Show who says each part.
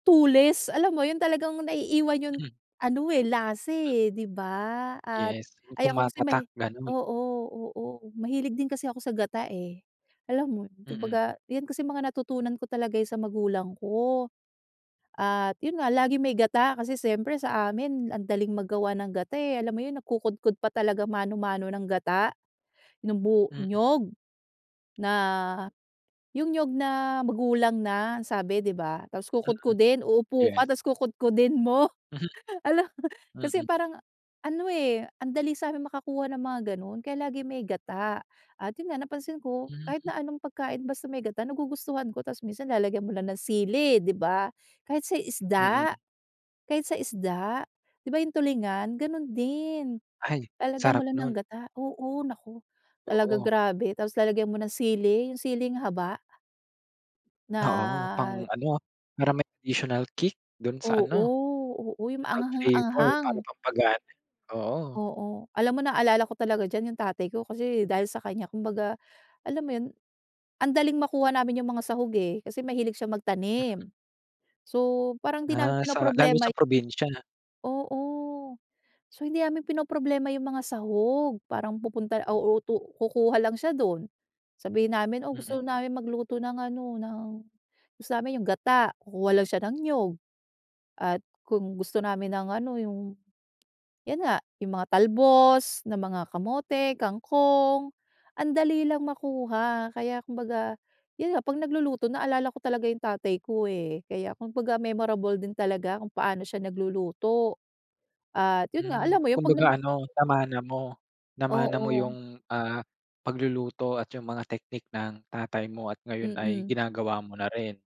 Speaker 1: Tulis, alam mo yun, talagang naiiwan yung
Speaker 2: Hmm.
Speaker 1: ano eh, lasa eh, 'di ba? At
Speaker 2: Yes, yung
Speaker 1: ay ako kasi
Speaker 2: tumatatak
Speaker 1: may
Speaker 2: ganun?
Speaker 1: oo, oo. Mahilig din kasi ako sa gata eh, alam mo yun, kung
Speaker 2: Mm.
Speaker 1: baga 'yan kasi mga natutunan ko talaga eh sa magulang ko. At yun nga laging may gata, kasi siyempre sa amin ang daling maggawa ng gata eh, alam mo yun, nagkukudkod pa talaga mano-mano ng gata nung bu
Speaker 2: Mm.
Speaker 1: niyog. Na yung niyog na magulang na, ang sabi, 'di ba? Tas
Speaker 2: Mm.
Speaker 1: kukudkudin, uupo ka
Speaker 2: Yes.
Speaker 1: tas kukudkudin mo.
Speaker 2: Mhm.
Speaker 1: Hala. Kasi
Speaker 2: Mm.
Speaker 1: parang ano eh, ang dali sa'min makakuha ng mga ganon. Kaya lagi may gata at yun nga napansin ko kahit
Speaker 2: Hmm.
Speaker 1: na anong pagkain basta may gata, nagugustuhan ko, tas minsan lalagyan mo lang ng sili, ‘di ba? Kahit sa
Speaker 2: Mm
Speaker 1: isda, kahit sa isda, 'di ba yung tulingan, ganun din.
Speaker 2: Ay
Speaker 1: Lalagyan mo
Speaker 2: sarap
Speaker 1: lang ng
Speaker 2: nun.
Speaker 1: gata, oo, naku. Talaga
Speaker 2: Oo.
Speaker 1: grabe. Tapos lalagyan mo ng sili, yung siling haba.
Speaker 2: Oo,
Speaker 1: Na
Speaker 2: pang-ano, para may additional kick dun sa
Speaker 1: Oo,
Speaker 2: ano.
Speaker 1: oo, yung
Speaker 2: Add flavor para
Speaker 1: anghang-anghang.
Speaker 2: pampagana, oo.
Speaker 1: Oo. Alam mo, naalala ko talaga diyan yung tatay ko, kasi dahil sa kanya kumbaga, alam mo yun, ang daling makuha namin yung mga sahog eh, kasi mahilig siyang
Speaker 2: Mm.
Speaker 1: magtanim. So parang di namin
Speaker 2: Ah, sa lalo
Speaker 1: pinoproblema yu
Speaker 2: sa probinsya.
Speaker 1: Oo. So hindi namin pinoproblema yung mga sahog, parang pupunta o uutu kukuha lang siya dun. Sabihin namin, "Oh, gusto
Speaker 2: Mm.
Speaker 1: namin magluto ng ano, ng gusto namin yung gata." Kukuha lang siya ng niyog. At kung gusto namin ng ano yung 'yan nga, yung mga talbos ng mga kamote, kangkong, ang dali lang makuha. Kaya kumbaga, yan nga 'pag nagluluto naalala ko talaga yung tatay ko eh, kaya kung baga memorable din talaga kung paano siya nagluluto. At yun nga,
Speaker 2: Hmm.
Speaker 1: alam mo yung 'pag nag
Speaker 2: Kumbaga ano,
Speaker 1: [unintelligible]
Speaker 2: namana mo? Namana mo
Speaker 1: Oo.
Speaker 2: yung ah, pagluluto at yung mga teknik ng tatay mo at ngayon ay
Speaker 1: Mm.
Speaker 2: ginagawa mo na rin.